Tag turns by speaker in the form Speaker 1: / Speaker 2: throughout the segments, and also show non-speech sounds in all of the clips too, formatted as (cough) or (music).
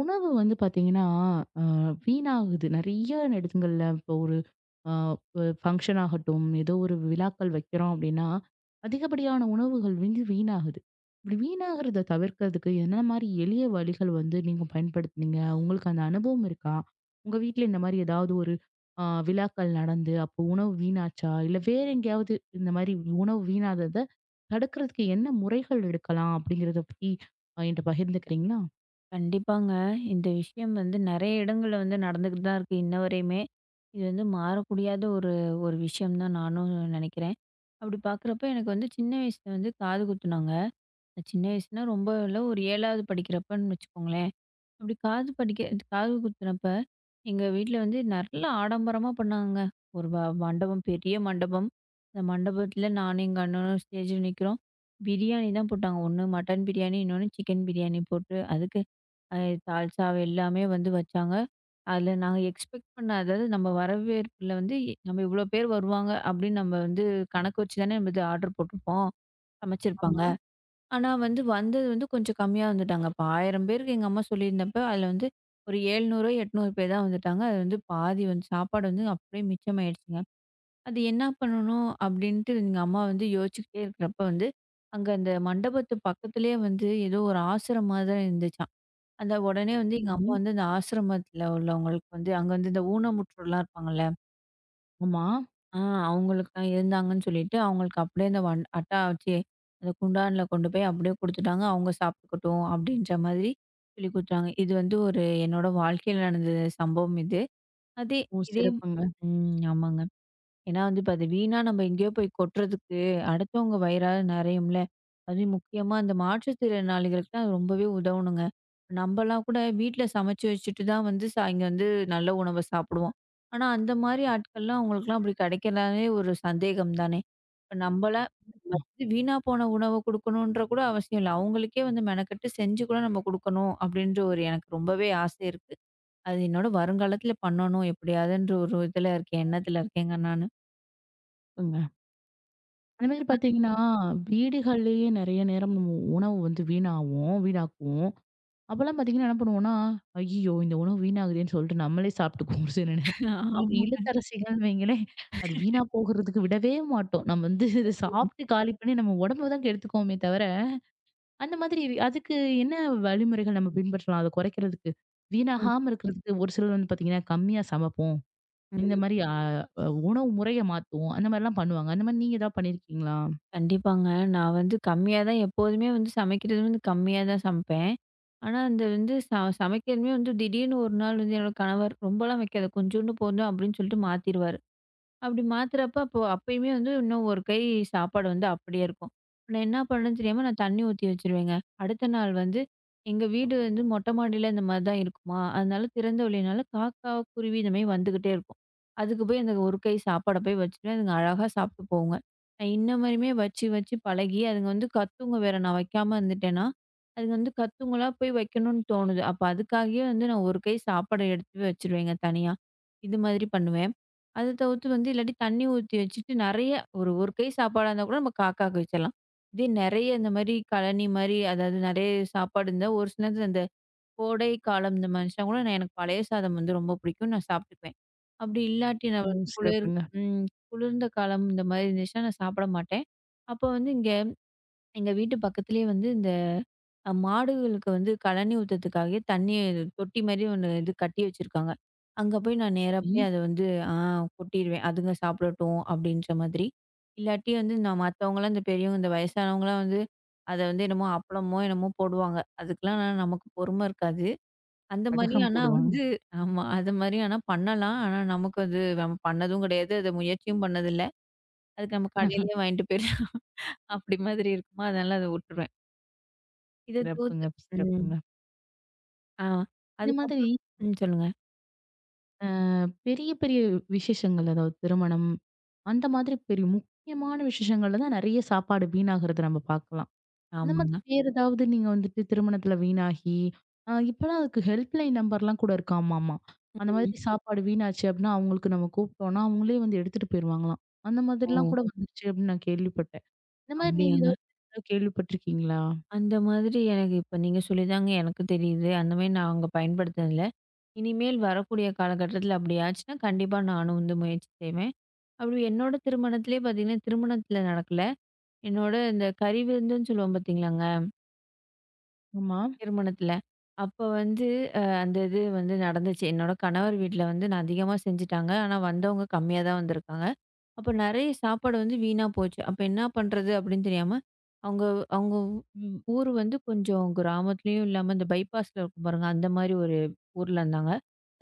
Speaker 1: உணவு வந்து பார்த்தீங்கன்னா, அ வீணாகுது. நிறைய இடங்கள்ல இப்ப ஒரு அ ஃபங்ஷன் ஆகட்டும், ஏதோ ஒரு விழாக்கள் வெக்கிறோம், அப்பிடின்னா அதிகப்படியான உணவுகள் வந்து வீணாகுது. இப்பிடி வீணாகுறத தவிர்க்க என்னென்னமாரி எளிய வழிகள் வந்து நீங்கப் பயன்படுத்துனீங்க? உங்களுக்கு அந்த அனுபவம் இருக்கா? உங்க வீட்ல இந்தமாரி ஏதாவது ஒரு ஆ விழாக்கள் நடந்து, அப்போ உணவு வீணாச்சா? இல்ல வேற எங்காவது இந்தமாரி உணவு வீணாகுறத தடுக்க என்ன முறைகள் எடுக்கலாம் அப்பிடிங்கிறத பத்தி அ என்ட்ட பகிர்ந்துக்கிறீங்களா?
Speaker 2: கண்டிப்பாங்க. இந்த விஷயம் வந்து நிறைய இடங்கள் வந்து நடந்துட்டு தான் இருக்கு. இன்னவரையுமே. இது வந்து மாற முடியாத ஒரு ஒரு விஷயம் தான் நானும் நினைக்கிறேன். அப்பிடி பாக்குறப்ப எனக்கு வந்து சின்ன வயசுல வந்து காது குத்துனாங்க. அ சின்ன வயசுல ரொம்ப இல்ல. ஒரு 7 வது படிக்கிறப்ப வச்சுக்கோங்களேன். அப்பிடி காது படிக்க காது குத்துனப்ப எங்க வீட்ல வந்து நல்ல ஆடம்பரமா பண்ணாங்க. ஒரு வ மண்டபம், பெரிய மண்டபம். அந்த மண்டபத்துல நானும் எங்க அண்ணனும் ஸ்டேஜ்ல நிக்கறோம். பிரியாணி தான் போட்டாங்க. ஒண்ணு மட்டன் பிரியாணி. இன்னொன்னு சிக்கன் பிரியாணி போட்டு, அதுக்கு அ தால்சா எல்லாமே வந்து வச்சாங்க. அதுல நாங்க எக்ஸ்பெக்ட் பண்ணாதது நம்ம வரவேற்புல வந்து, நம்ம இவ்ளோ பேர் வருவாங்க அப்பிடின்னு நம்ம வந்து கணக்கு வச்சு தானே இது ஆர்ட்ர் போட்ருப்போம். சமைச்சு இருப்பாங்க.
Speaker 1: ஆமா.
Speaker 2: ஆனா வந்து வந்தது வந்து கொஞ்சம் கம்மியா வந்துட்டாங்க. இப்ப 1000 பேருக்கு எங்க அம்மா சொல்லி இருந்தப்ப, அதுல வந்து ஒரு 700 ஓ, 800 பேர் தான் வந்துட்டாங்க. அது வந்து பாதி சாப்பாடு வந்து அப்பிடியே மிச்சம் ஆயிடுச்சுங்க. அது என்ன பண்ணனும் அப்பிடின்டு எங்க அம்மா வந்து யோசிச்சுக்கிட்டே இருக்குறப்ப வந்து, அங்க அந்த மண்டபத்து பக்கத்துலயே வந்து ஏதோ ஒரு ஆசிரமம் தான் இருந்துச்சாம். அத உடனே வந்து எங்க அப்பா
Speaker 1: செரி.
Speaker 2: வந்து அந்த ஆசிரமத்துல உள்ளவங்களுக்கு வந்து அங்க வந்து ஊனமுற்றோர் இருப்பாங்கல்ல.
Speaker 1: ஆமா.
Speaker 2: ஆ, அவுங்களுக்கு தான் இருந்தாங்கன்னு சொல்லிட்டு அவுங்களுக்கு அப்பிடியே அந்த வன் அட்டா வச்சி, அந்த குண்டான்ல கொண்டு போய் அப்பிடியே குடுத்துட்டாங்க. அவுங்க சாப்பிட்டுக்கட்டும் அப்பிடின்ற மாதிரி சொல்லிக் குடுத்தாங்க. இது வந்து ஒரு என்னோட வாழ்க்கையில நடந்த சம்பவம் அது. அதே,
Speaker 1: ஓ!
Speaker 2: இதே
Speaker 1: சிறப்புங்க.
Speaker 2: ம், ஆமாங்க. ஏன்னா இப்ப அது வீணா நம்ம எங்கயோ போய்க் கொட்டுறதுக்கு அடுத்தவங்க வயிறாவது நிறையும் இல்ல. அதுவும் முக்கியமா அந்த மாற்றுத்திறனாளிகளுக்கு ரொம்பவே உதவனுங்க. நம்மல்லாம் கூட வீட்ல சமைச்சு வச்சிட்டு தான் வந்து சாயங் வந்து நல்ல உணவ சாப்பிடுவோம். ஆனா அந்தமாரி ஆட்கள்லாம் அவுங்களுக்குலாம் அப்பிடி கிடைக்கிறனாலே ஒரு சந்தேகம் தானே! இப்ப நம்பலாம் ஃபர்ஸ்ட் வீணா போன உணவ கொடுக்கணுன்ற கூட அவசியம் இல்ல. அவுங்களுக்கே வந்து மெனக்கெட்டு செஞ்சு கூட நம்ம கொடுக்கணும் அப்பிடின்டு ஒரு எனக்கு ரொம்பவே ஆசை இருக்கு. அது என்னோட வருங்காலத்தில பண்ணனும். எப்பிடியாவதுன்ற ஒரு இதுல இருக்கேன். எண்ணத்துல இருக்கேங்க நானு.
Speaker 1: (unintelligible) அந்த
Speaker 2: இந்த
Speaker 1: மாதிரி
Speaker 2: மாதிரி,
Speaker 1: பார்த்தீங்கன்னா,
Speaker 2: ம்.
Speaker 1: வீடுகள்லயே நிறைய நேரம் நம்ம உணவு வந்து வீணாவும் வீணாக்குவோம். அப்பல்லாம் பாத்தீங்கன்னா பண்ணுவோன்னா, ஐயய்யோ! இந்த உணவு வீணாகுதேன்னு சொல்ட்டு நம்மளே சாப்பிட்டுக்குவோம். சில நேரம்
Speaker 2: (chuckles)
Speaker 1: இ
Speaker 2: ஆமாங்க.
Speaker 1: இல்லத்தரசிகள்ன்னு வைங்களேன் அது
Speaker 2: (chuckles)
Speaker 1: வீணா போகுறதுக்கு விடவே மாட்டோம். நாம் வந்து இத
Speaker 2: (unintelligible)
Speaker 1: சாப்ட்டு காலி பண்ணி, நம்ம உடம்ப தான் கெடுத்துக்குவோமே தவர, அந்தமாதிரி அதுக்கு என்ன வழிமுறைகள்? நம்ம பின்பற்றலாம். அத குறைக்கிறதுக்கு,
Speaker 2: ஆம்.
Speaker 1: வீணாகாம இருக்குறதுக்கு ஒரு சிலர் வந்து பார்த்தீங்கன்னா கம்மியா சமைப்போம். இந்த
Speaker 2: ம்.
Speaker 1: மாதிரி அ, அ உணவு முறைய மாத்துவோம். அந்தமாரில்லாம் பண்ணுவாங்க. அந்தமாரி நீங்க எதாவது பண்ணி இருக்கீங்களா?
Speaker 2: கண்டிப்பாங்க. நான் வந்து கம்மியா தான். எப்போதுமே வந்து சமைக்கிறது வந்து கம்மியா தான் சமைப்பேன். ஆனா, அந்த வந்து ச சமைக்கிறதுமே வந்து திடீர்னு ஒரு நாள் என்னோட கணவர் ரொம்ப எல்லாம் வெக்காத. கொஞ்சோன்டு போதும் அப்பிடின்னு சொல்லிட்டு மாத்திருவாரு. அப்பிடி மாத்துறப்ப அப்பயுமே வந்து இன்னும் ஒரு கை சாப்பாடு வந்து அப்பிடியே இருக்கும். நான் என்ன பண்ணனும்னு தெரியாம நான் தண்ணீ ஊத்தி வச்சிருவேங்க. அடுத்த நாள் வந்து எங்க வீடு வந்து மொட்டை மாடியில அந்தமாரி தான் இருக்குமா! அதனால திறந்த வெளியினால காக்கா, குருவி இதுமே வந்துகிட்டே இருக்கும். அதுக்கு போயி அந்த ஒரு கை சாப்பாட போயி வச்சிருவேன். அதுங்க அழகா சாப்பிட்டு போகுங்க. நான் இன்ன மாரியுமே வச்சு வச்சு பழகி அதுங்க வந்து கத்துங்க. வேற நான் வெக்காம இருந்துட்டேன்னா, அதுங்க வந்து கத்துங்களா! போய் வெக்கணுன்னு தோணுது. அப்ப அதுக்காகே வந்து நான் ஒரு கை சாப்பாட எடுத்து வச்சிருவேங்க தனியா. இது மாதிரி பண்ணுவேன். அதத் தவுத்து வந்து இல்லாட்டி தண்ணீ ஊத்தி வச்சிட்டு நிறைய ஒரு ஒரு கை சாப்பாடா இருந்தாக்கூட நம்ம காக்கா வெச்சரலாம். இதே நிறைய இந்தமாரி கலனிமாரி. அதாவது நிறைய சாப்பாடு இருந்தா, ஒரு சில நேரத்துல அந்த கோடை காலம் இந்த மனுஷங்கூட எனக்கு பழைய சாதம் ரொம்ப புடிக்கும். நான் சாப்பிட்டுக்குவேன். அப்பிடி இல்லாட்டி நான்
Speaker 1: ஓ!
Speaker 2: ஒரு குளிர்
Speaker 1: சிறப்புங்க.
Speaker 2: ம் குளிர்ந்த காலம். இந்தமாரி இருந்துச்சுனா. நான் சாப்பிட மாட்டேன். அப்போ வந்து இங்க எங்க (swallows) வீட்டு பக்கத்துலயே வந்து இந்த அ மாடுகளுக்கு வந்து கலனி ஊத்துறதுக்காகவே தண்ணீர் தொட்டி மாரி 1 இது கட்டி வச்சுருக்காங்க. அங்க போய் நான் நேரா
Speaker 1: செரி.
Speaker 2: போயி அத வந்து ஆ கொட்டிருவேன். அதுங்க சாப்பிடட்டும் அப்பிடின்ற மாதிரி. இல்லாட்டி வந்து நான் மத்தவங்கல்லாம் இந்த பெரியவங்க, இந்த வயசானவங்கலாம் வந்து அத வந்து என்னமோ, அப்பளமோ என்னமோ போடுவாங்க. அதுக்கெல்லாம் நான் நமக்குப் பொறுமை இருக்காது.
Speaker 1: (unintelligible)
Speaker 2: அந்தமாரி
Speaker 1: அதான்
Speaker 2: ஆனா
Speaker 1: போடுவாங்க.
Speaker 2: வந்து ஆமா. அதுமாரி ஆனா பண்ணலாம். ஆனா நமக்கு அது நம்ம பண்ணதும் கிடையாது. அத முயற்சியும் பண்ணது இல்ல. அதுக்கு நம்ம
Speaker 1: (chuckles)
Speaker 2: கடையிலே வாங்கிட்டு போயிர்லாம். அப்பிடி மாதிரி இருக்குமா! அதனால அத விட்டுருவேன். இதைத்
Speaker 1: சிறப்புங்க,
Speaker 2: தவிர்த்து ம்.
Speaker 1: சிறப்புங்க.
Speaker 2: ஆ,
Speaker 1: இது
Speaker 2: அதுக்கு
Speaker 1: மாதிரி.
Speaker 2: அப்புறம் ம், சொல்லுங்க.
Speaker 1: ஆ, பெரிய பெரிய விஷேசங்கள். அதாவது திருமணம் அந்த மாதிரி பெரிய முக்கியமான விஷேசங்கள்ல தான் நெறைய சாப்பாடு வீணாகுறத நாம பார்க்கலாம். இந்த மாதிரி
Speaker 2: ஆமாங்க.
Speaker 1: வேற ஏதாவது நீங்க வந்துட்டு திருமணத்துல வீணாகி அ இப்பெல்லாம் அதுக்கு ஹெல்ப் லைன் நம்பர்லாம் கூட இருக்காமாமா!
Speaker 2: (unintelligible)
Speaker 1: அந்தமாரி சாப்பாடு வீணாச்சு அப்புட்னா, அவுங்களுக்கு நாம கூப்டோன்னா, அவுங்களே வந்து எடுத்துட்டு போயிருவாங்கலாம்! அந்த மாதிரிலாம்
Speaker 2: ஓ!
Speaker 1: கூட வந்துருச்சு அப்பிடின்னு நான் கேள்விப்பட்டேன். இந்தமாரி நீங்க
Speaker 2: அப்பிடியாங்க.
Speaker 1: எதாவது கேள்விப்பட்டிருக்கீங்களா?
Speaker 2: அந்த மாதிரி எனக்கு இப்போ நீங்கச் சொல்லி தாங்க எனக்குத் தெரியுது. அந்தமாரி நான் அங்க பயன்படுத்துனது இல்ல. இனிமேல் வரக்கூடிய காலகட்டத்தில அப்பிடி ஆச்சுன்னா, கண்டிப்பா நானும் வந்து முயற்சி செய்வேன். அப்பிடி என்னோட திருமணத்திலேயே பார்த்தீங்கன்னா, திருமணத்துல நடக்கல. என்னோட அந்தக் கறி விருந்துன்னு சொல்லுவோம். பாத்தீங்களாங்க.
Speaker 1: ஆமா.
Speaker 2: திருமணத்துல. அப்போ வந்து அ அந்த இது வந்து நடந்துச்சு. என்னோட கணவர் வீட்ல வந்து நான் அதிகமா செஞ்சுட்டாங்க. ஆனா வந்தவுங்க கம்மியா தான் வந்துருக்காங்க. அப்போ நறைய சாப்பாடு வந்து வீணா போச்சு. அப்ப என்ன பண்றது அப்பிடின்னு தெரியாம, அவுங்க, அவுங்க வ் ஊரு வந்து கொஞ்சம் கிராமத்துலயும் இல்லாம அந்த பைபாஸ் ல இருக்கும் பாருங்க. அந்தமாரி ஒரு ஊர்ல இருந்தாங்க.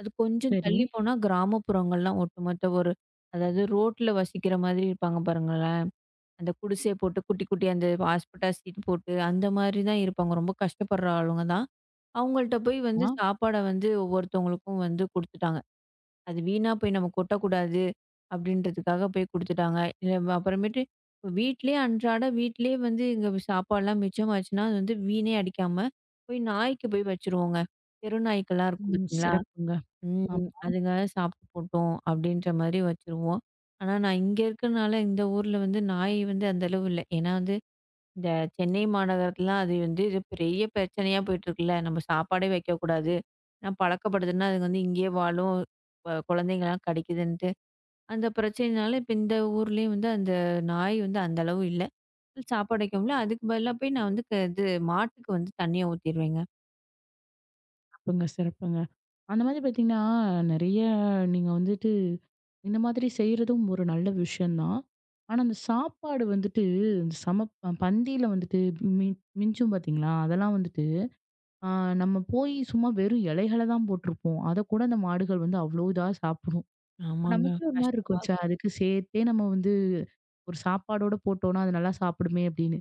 Speaker 2: அது கொஞ்சம்
Speaker 1: சரி.
Speaker 2: தள்ளிப் போனா கிராமப்புறங்கள்லாம் ஒட்டுமொத்த ஒரு அதாவது ரோட்டுல வசிக்கிற மாதிரி இருப்பாங்க பாருங்களேன். அந்தக் குடிசைய போட்டு குட்டி, குட்டியா அந்த ஹாஸ்பெட்டாஸ் ஷீட் போட்டு, அந்தமாரி தான் இருப்பாங்க. ரொம்ப கஷ்டப்படுற ஆளுங்க தான். அவுங்கள்ட்ட போய் வந்து
Speaker 1: ஆமா.
Speaker 2: சாப்பாட வந்து ஒவ்வொருத்தவங்களுக்கும் வந்து குடுத்துட்டாங்க. அது வீணா போய் நாம கொட்ட கூடாது அப்பிடின்றதக்காக போய் குடுத்துட்டாங்க. இத அப்பறமேட்டு வீட்டுலயே இப்ப வீட்லே அன்றாட வீட்டுலயே வந்து இங்க சாப்பாட்லாம். மிச்சம் ஆச்சுனா, அது வீணா அடிக்காம போய் நாய்க்கு போய் வச்சிருவோங்க. தெரு நாய்கள்லாம் இருக்கும்
Speaker 1: ம்.
Speaker 2: பாத்தீங்களா?
Speaker 1: சிறப்புங்க.
Speaker 2: ம்,
Speaker 1: ஆமா.
Speaker 2: அதுங்க சாப்பிட்டு போட்டோம் அப்பிடின்றமாரி வச்சிருவோம். ஆனா நான் இங்க இருக்குறனால இந்த ஊர்ல வந்து நாய் வந்து அந்த அளவு இல்ல. ஏன்னா வந்து இந்த சென்னை மாநகரத்துலாம் அது வந்து இது பெரிய பிரச்சனையா போயிட்டுருக்கு இல்ல. நம்ம சாப்பாடே வைக்கக் கூடாது. நான் பழக்கப்படுதுன்னா, அதுங்க வந்த இங்கே வாழும், வ குழந்தைங்க எல்லாம் கடிக்குதுன்னு அந்தப் பிரச்சனயினால, இப்ப இந்த ஊர்லயும் வந்து அந்த நாய் வந்து அந்த அளவு இல்ல. (unintelligible) சாப்பாடு வைக்கவும் இல்ல. அதுக்கு பதிலா போய் நான் வந்து இப்ப இது மாட்டுக்கு வந்து தண்ணீய ஊத்திருவேங்க.
Speaker 1: சிறப்புங்க, சிறப்புங்க. அந்த மாரி பார்த்தீங்கன்னா, நெறைய நீங்க வந்துட்டு இந்த மாதிரி செய்றதும் ஒரு நல்ல விஷயம் தான். ஆனா, அந்தச் சாப்பாடு வந்துட்டு அந்தச் சமப்ப ப பந்தி ல வந்துட்டு மிஞ் மிஞ்சும், பாத்தீங்களா? அதெல்லாம் வந்துட்டு, அ நம்ம போயி சும்மா வெறும் இலைகளைத் தான் போட்டுருப்போம். அதைக் கூட அந்த மாடுகள் வந்து அவ்ளோ இதா சாப்பிடணும்.
Speaker 2: ஆமாங்க.
Speaker 1: நமக்கு ஒரு மாரி இருக்கும்.
Speaker 2: கஷ்டமாருக்கும்.
Speaker 1: "அதுக்கு சேர்த்தே நம்ம வந்து ஒரு சாப்பாடோட போட்டோனா, அது நல்லா சாப்பிடுமே!" அப்பிடின்னு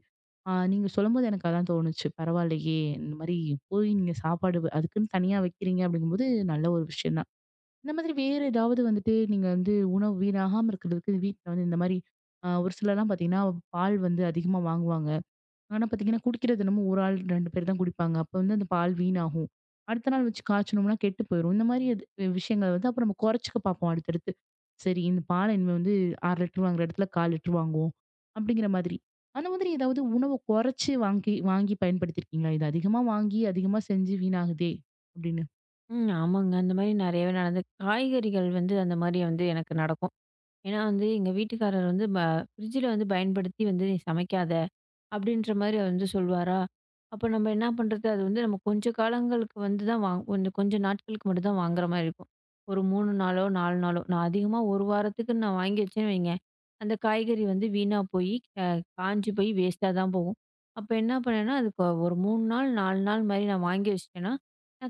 Speaker 1: நீங்கச் சொல்லும்போது எனக்கு அதான் தோணுச்சு. பரவால்லையே! இந்த மாரி போயி நீங்கச் சாப்பாடு அதுக்குனு தனியா வைக்கிறீங்க, அப்பிடீங்கும்போது நல்ல ஒரு விஷயம் தான். இந்த மாதிரி வேற ஏதாவது வந்துட்டு, நீங்க வந்து உணவு வீணாகாம இருக்கிறதுக்கு, வீட்டுல இந்த மாரி அ ஒரு சிலர்லாம் பாத்தீங்கன்னா, பால் வந்து அதிகமா வாங்குவாங்க. ஆனா பாத்தீங்கன்னா, குடிக்கிறது என்னமோ, 1 ஆள் 2 பேர் தான் குடிப்பாங்க. அப்போ, அந்தப் பால் வீணாகும். அடுத்த நாள் வச்சு காய்ச்சுணோம்னா கெட்டுப் போயிரும். இந்த மாரி அது வ் விஷயங்கள அப்புறம் குறைச்சுக்க பாப்போம், அடுத்தடுத்து. சரி, இந்தப் பால இனிமே வந்து, 1/2 லிட்டர் வாங்குற இடத்துல 1/4 லிட்டர் வாங்குவோம். அப்பிடிங்கிற மாதிரி. அந்த மாதிரி ஏதாவது உணவ கொறச்சு வாங்கி வாங்கி பயன்படுத்தி இருக்கீங்களா? இது அதிகமா வாங்கி, அதிகமா செஞ்சு வீணாகுதே! அப்பிடீன்னு.
Speaker 2: ம். ஆமாங்க. அந்த மாரி நிறையவே நடந்திருக்கு. காய்கறிகள் வந்து அந்த மாரி வந்து எனக்கு நடக்கும். ஏன்னா வந்து, எங்க வீட்டுக்காரர் வந்து ப "ஃபிரிட்ஜுல வந்து பயன்படுத்தி வந்து நீ சமைக்காத." அப்பிடின்ற மாரி வந்து சொல்வாரு. அப்போ நம்ம என்ன பண்றது? அது வந்து நம்ம கொஞ்சம் காலங்களுக்கு வந்து தான் வா ஒண்ணு, கொஞ்சம் நாட்களுக்கு மட்டும்தான் வாங்குற மாரி இருக்கும். ஒரு 3 நாளோ, 4 நாளோ, நான் அதிகமா ஒரு வாரத்துக்குனு நான் வாங்கி வச்சேன். அந்தக் காய்கறி வந்து வீணா போயி, க காஞ்சு போயி வேஸ்ட்டாதான் போகும். அப்போ என்ன பண்ணனா, அதுக்கு ஒ ஒரு 3 நாள், 4 நாள் மாரி நான் வாங்கி வச்சிட்டேன்னா,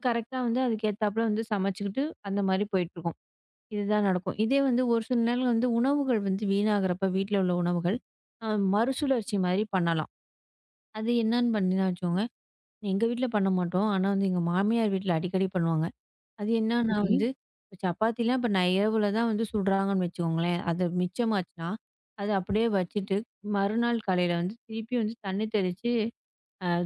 Speaker 2: கரெக்ட்டா வந்து அதுக்கு ஏத்தாப்புல வந்து சமைச்சுக்கிட்டு, அந்த மாரி போயிட்டு இருக்கும். இதுதான் நடக்கும். இதே வந்து ஒரு சில நேரங்கள் வந்து உணவுகள் வந்து வீணாகுறப்ப, வீட்டுல உள்ள உணவுகள மறுசுழற்சி மாரி பண்ணலாம். அது என்னன்னு பண்ணுவேனா வச்சுக்கோங்களேன், எங்க வீட்டுல பண்ண மாட்டோம். ஆனா, எங்க மாமியார் வீட்டுல அடிக்கடி பண்ணுவாங்க. அது என்னன்னா
Speaker 1: சரி.
Speaker 2: வந்து சப்பாத்தி எல்லாம் நை இரவுலதான் வந்து சுடுறாங்கன்னு வச்சுக்கோங்களேன். அது மிச்சம் ஆச்சுனா, அதை அப்படியே வச்சிட்டு, மறுநாள் காலையில வந்து திருப்பி வந்து தண்ணி தெளிச்சு,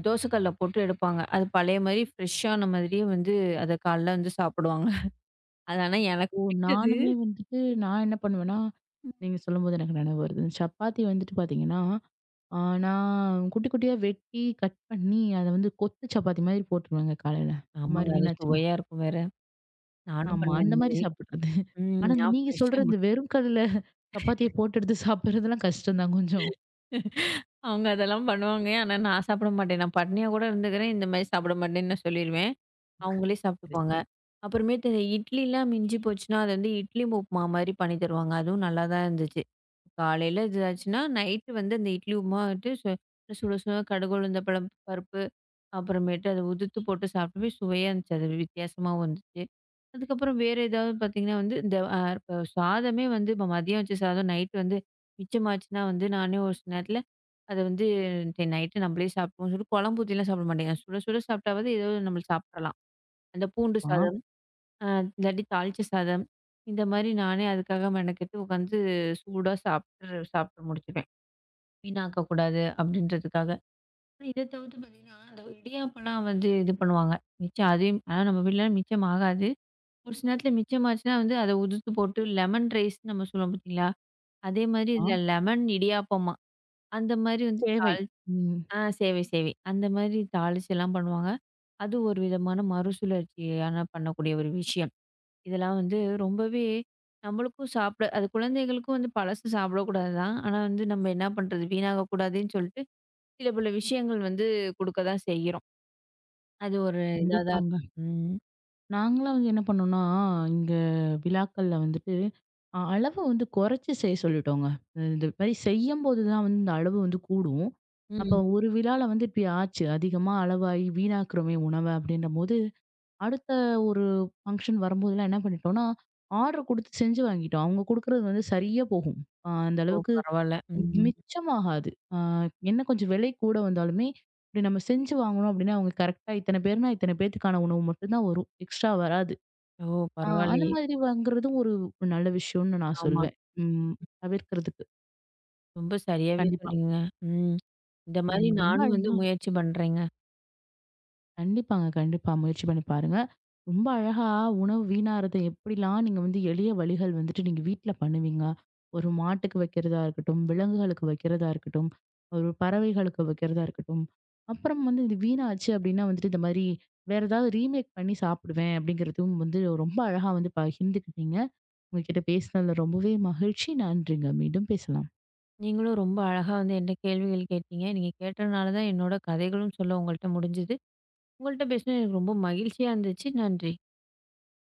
Speaker 2: தோசை கல்ல சுட்டு எடுப்பாங்க. அது பழைய மாரி ஃப்ரெஷ்ஷான மாதிரியே வந்து, அதை காலைல வந்து சாப்பிடுவாங்க. (chuckles) அது ஆனா
Speaker 1: ஓ.
Speaker 2: எனக்குப் பிடிக்குது.
Speaker 1: நானும் வந்துட்டு, நான் என்ன பண்ணுவேன்னா
Speaker 2: ம்.
Speaker 1: நீங்கச் சொல்லும்போது எனக்கு நெனைவு வருது. சப்பாத்தி வந்துட்டு பாத்தீங்கன்னா, நான் குட்டி குட்டியா வெட்டி கட் பண்ணி, அத வந்து கொத்து சப்பாத்தி மாதிரி போட்டுருவாங்க. காலைல இந்த மாரி
Speaker 2: ஆமாங்க. அது
Speaker 1: வீணாச்சுன்னா.
Speaker 2: சுவையா இருக்கும், வேற. நானும்
Speaker 1: ஆமா.
Speaker 2: பண்ணுவேன்
Speaker 1: அந்த
Speaker 2: அந்த
Speaker 1: மாரி
Speaker 2: மாரி.
Speaker 1: சாப்பிடுறது.
Speaker 2: ம்.
Speaker 1: ஆனா,
Speaker 2: நான்
Speaker 1: நீங்கச்
Speaker 2: ஃப்ரெஷ்ஷா ம
Speaker 1: சொல்றது வெறும் கல்ல சப்பாத்திய
Speaker 2: (chuckles)
Speaker 1: போட்டு எடுத்துச் சாப்பிடுறதெல்லாம் கஷ்டம்தான் கொஞ்சம்.
Speaker 2: (laughs) அவங்க அதெல்லாம் பண்ணுவாங்க. ஆனா, நான் சாப்பிட மாட்டேன். நான் பட்டினியா கூட இருந்துக்குறேன். இந்த மாரி சாப்பிட மாட்டேன்னு சொல்லிருவேன். அவங்களே
Speaker 1: (chuckles)
Speaker 2: சாப்பிட்டுக்குவாங்க.
Speaker 1: கடைசில
Speaker 2: அப்புறமேட்டு இட்லிலாம் மிஞ்சிப்போச்சுனா, அது வந்து இட்லி உப்புமா மாரி பண்ணி தருவாங்க. அதுவும் நல்லாதான் இருந்துச்சு. காலையில இதாச்சுன்னா, நைட் வந்து அந்த இட்லி உப்புமா வந்துட்டு சு சுட சுட கடுகு, உளுந்தம் பருப்பு பருப்பு. அப்புறமேட்டு அத உதிர்த்து போட்டுச் சாப்பிடவே சுவையா இருந்துச்சு அது. வி வித்தியாசமா வந்துச்சு. அதுக்கப்புறம் வேற ஏதாவது பாத்தீங்கன்னா, இந்த இப்ப சாதமே வந்து, மதியம் வச்ச சாதம் நைட் வந்து மிச்சம் ஆச்சுனா, நானே ஒரு சில நேரத்துல அத வந்து, "இன்னைக்கு நைட் நம்களே சாப்பிடுவோம்." சொல்லிட்டு, குழம்பு ஊத்தி எல்லாம் சாப்பிட மாட்டேங்க. சுட சுட சாப்பிட்டாவது, ஏதாவது நம்ம சாப்பிடலாம். அந்தப் பூண்டு
Speaker 1: பா
Speaker 2: சாதம். இல்லாட்டி தாளிச்ச சாதம். இந்த மாரி நானே அதுக்காக மெனக்கெட்டு உக்காந்து சூடா சாப்பிட்டுரு சாப்டு முடிச்சிடுவேன். வீணாக்கக் கூடாது அப்பிடின்றதுக்காக. இதைத் தவிர்த்து பாத்தீங்கன்னா, அந்த இடியாப்பல்லாம் வந்து இது பண்ணுவாங்க. மிச்சம் அதையும் ஆனா, நம்ம வீட்டுலனா மிச்சம் ஆகாது. ஒரு சில நேரத்துல மிச்சம் ஆச்சுனா, வந்து அத உதிர்த்து போட்டு லெமன் ரைஸ்னு நம்ம சொல்லுவோம், பாத்தீங்களா? அதே மாரி இதுல
Speaker 1: ஆ.
Speaker 2: லெமன் இடியாப்பமா, அந்த மாரி வந்து தாளிச்சு
Speaker 1: சேவை. ம்.
Speaker 2: ஆ சேவை சேவை. அந்த மாரி தாளிச்சு எல்லாம் பண்ணுவாங்க. அது ஒரு விதமான மறுசுழற்சியா பண்ணக்கூடிய ஒரு விஷயம். இதெல்லாம் வந்து ரொம்பவே நம்மளுக்கும் சாப்பிட அது குழந்தைகளுக்கும் வந்து பழசு சாப்பிடக் கூடாதுதான். ஆனா வந்து, நம்ம என்னா பண்றது? வீணாகக் கூடாதுன்னு சொல்லிட்டு சில சில விஷயங்கள் வந்து குடுக்கத்தான் செய்யுறோம். அது ஒரு இதாதாருக்கு.
Speaker 1: கண்டிப்பாங்க.
Speaker 2: ம்.
Speaker 1: நாங்கள்லாம் வந்து என்ன பண்ணோம்னா, இங்க விழாக்கள் வந்துட்டு அ அளவு வந்து குறைச்சு செய்யச் சொல்லிட்டோங்க. இந்த மாரி செய்யும்போதுதான் வந்து அளவு வந்து கூடும். அப்போ,
Speaker 2: ம்.
Speaker 1: ஒரு விழாவுல வந்து இப்படியாச்சு. அதிகமா அளவாய் வீணாக்குறமே உணவு அப்படின்னம்போது, அடுத்த ஒரு ஃபங்ஷன் வரும்போதுலாம் என்ன பண்ணிட்டோம்னா, ஆர்டர் குடுத்து செஞ்சு வாங்கிட்டோம். அவங்க குடுக்கிறது வந்து சரியா போகும். அ அந்த
Speaker 2: ஓ.
Speaker 1: அளவுக்கு
Speaker 2: பரவால்ல. ம்ஹ்ம்.
Speaker 1: மிச்சம் ஆகாது. என்ன, கொஞ்சம் விலை கூட வந்தாலுமே, நம்ம செஞ்சு வாங்கணும் அப்பிடீன்னா, அவங்க கரெக்ட்டா இத்தனை பேருன்னா, இத்தனை பேத்துக்கான உணவு மட்டும்தான் வரும். எக்ஸ்ட்ரா வராது.
Speaker 2: ஓ
Speaker 1: அந்த
Speaker 2: பரவால்லையே!
Speaker 1: மாரி வாங்குறது ஒரு நல்ல விஷயம்னு நான்
Speaker 2: ஆமா.
Speaker 1: சொல்லுவேன். ம். தவிர்க்கிறதுக்கு.
Speaker 2: ரொம்ப சரியாவே
Speaker 1: கண்டிப்பா.
Speaker 2: சொன்னீங்க. ம். (smacks lips) இந்த மாதிரி
Speaker 1: ம்ஹ்ம். ரொம்ப
Speaker 2: நானும் வந்து
Speaker 1: அழகா.
Speaker 2: முயற்சி பண்றேங்க.
Speaker 1: கண்டிப்பாங்க. கண்டிப்பா. முயற்சி பண்ணி பாருங்க. ரொம்ப அழகா உணவு வீணாறத எப்படிலாம் நீங்க வந்து எளிய வழிகள் வந்துட்டு, நீங்க வீட்டுல பண்ணுவீங்க. ஒரு மாட்டுக்கு வைக்கிறதா இருக்கட்டும், விலங்குகளுக்கு வைக்கிறதா இருக்கட்டும், பறவைகளுக்கு வைக்கிறதா இருக்கட்டும். அப்புறம் வந்து இது வீணாச்சு அப்படின்னா, வந்துட்டு இந்த மாதிரி வேற ஏதாவது ரீமேக் பண்ணி சாப்பிடுவேன் அப்படிங்கிறதும் வந்து ரொம்ப அழகா வந்து பகிர்ந்துகிட்டீங்க. உங்ககிட்ட பேசினதுல ரொம்பவே மகிழ்ச்சி. நன்றிங்க. மீண்டும் பேசலாம்.
Speaker 2: நீங்களும் ரொம்ப அழகா வந்து என்ட கேள்விகள் கேட்டீங்க. நீங்கக் கேட்டனால்தான் என்னோட கதைகளும் சொல்ல உங்கள்ட்ட முடிஞ்சது. உங்கள்ட்ட பேசுனது ரொம்ப மகிழ்ச்சியா இருந்துச்சு. நன்றி.